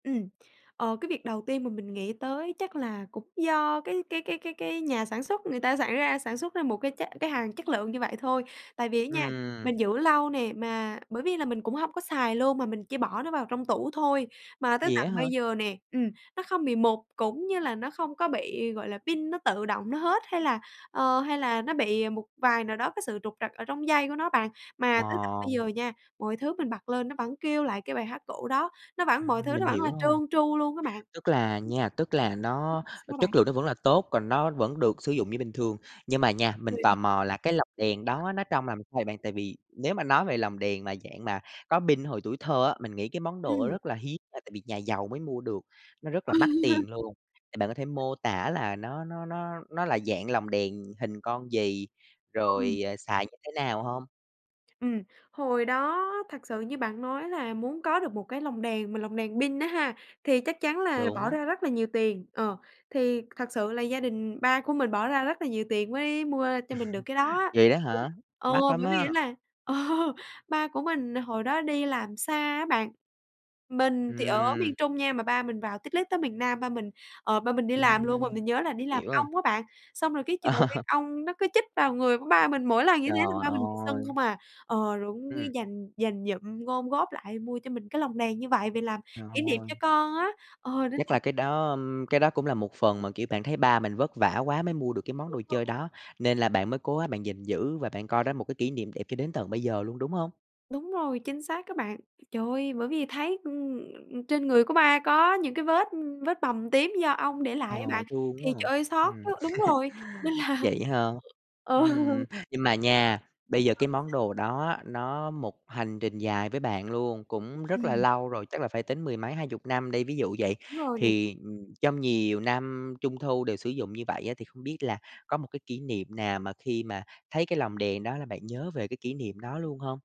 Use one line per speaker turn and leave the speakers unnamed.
Ừm, ờ, cái việc đầu tiên mà mình nghĩ tới chắc là cũng do cái cái cái cái cái nhà sản xuất, người ta sản ra sản xuất ra một cái chất cái hàng chất lượng như vậy thôi. Tại vì á nha,
Ừm.
mình giữ lâu nè mà bởi vì là mình cũng hông có xài luôn mà mình chỉ bỏ nó vào trong tủ thôi, mà tới
Vậy á
tận
hả?
bây giờ nè, ừm, nó không bị mục cũng như là nó không có bị, gọi là, pin nó tự động nó hết hay là, ờ, hay là nó bị một vài nào đó cái sự trục trặc ở trong dây của nó bạn. Mà tới tận
Ờ.
bây giờ nha, mọi thứ mình bật lên nó vẫn kêu lại cái bài hát cũ đó, nó vẫn mọi
Ừm,
thứ nó
mình
vẫn là
hiểu
trơn
rồi.
tru luôn á bạn.
Tức là nha, tức là nó
Sao bạn?
chất lượng nó vẫn là tốt, còn nó vẫn được sử dụng như bình thường, nhưng mà nha, mình tò
[unintelligible]
mò là cái lồng đèn đó nó trông làm sao vậy bạn? Tại vì nếu mà nói về lồng đèn mà dạng mà có pin hồi tuổi thơ á, mình nghĩ cái món đồ
Ừm.
rất là hiếm là tại vì nhà giàu mới mua được, nó rất là mắc tiền luôn, thì bạn có thể mô tả là nó nó nó nó là dạng lồng đèn hình con gì,
Ừm.
rồi, à, xài như thế nào hông?
Ừm, hồi đó thật sự như bạn nói là muốn có được một cái lồng đèn mà lồng đèn pin á ha, thì chắc chắn là bỏ
Đúng.
ra rất là nhiều tiền. Ờ, thì thật sự là gia đình ba của mình bỏ ra rất là nhiều tiền mới mua cho mình được cái đó á.
Vậy đó
[unintelligible]
hả?
Ờ,
Mắc lắm
bởi vì
á!
á là, ờ, ba của mình hồi đó đi làm xa á bạn, mình thì ở
Ừm.
miền Trung nha, mà ba mình vào tít lít tới miền Nam, ba mình, ờ, ba mình đi làm luôn mà
Ừm,
mình nhớ là đi làm
hiểu rồi.
ong á bạn, xong rồi cái trời ơi,
Ờ.
ong nó cứ chích vào người của ba mình, mỗi lần như
Trời
thế là ba mình bị sưng
ơi!
không à. Ờ, rồi cũng cứ
Ừm.
dành dành dụm, gom góp lại mua cho mình cái lồng đèn như vậy về làm
Trời
kỷ niệm
ơi!
cho con á, ờ, nên
Chắc
là
là cái đó ưm, cái đó cũng là một phần mà, kiểu, bạn thấy ba mình vất vả quá mới mua được cái món
Đúng
đồ
rồi.
chơi đó, nên là bạn mới cố gắng bạn gìn giữ và bạn coi đó một cái kỷ niệm đẹp cho đến tận bây giờ luôn, đúng hông?
Đúng rồi, chính xác đó bạn. Trời ơi! Bởi vì thấy, ừm, trên người của ba có những cái vết vết bầm tím do ong để
Ờ,
lại á bạn,
thương
thì
quá
trời
à!
ơi, xót
Ừm.
quá! Đúng rồi, nên là
Vậy hả?
ừ.
Ừm, nhưng mà nha, bây giờ cái món
[unintelligible]
đồ đó á, nó một hành trình dài với bạn luôn, cũng rất là
Ừm.
lâu rồi, chắc là phải tính mười mấy 20 năm đi. Ví dụ vậy,
Đúng rồi nè.
thì, ừm, trong nhiều năm trung thu đều sử dụng như vậy á thì không biết là có một cái kỷ niệm nào mà khi mà thấy cái lồng đèn đó là bạn nhớ về cái kỷ niệm đó luôn hông?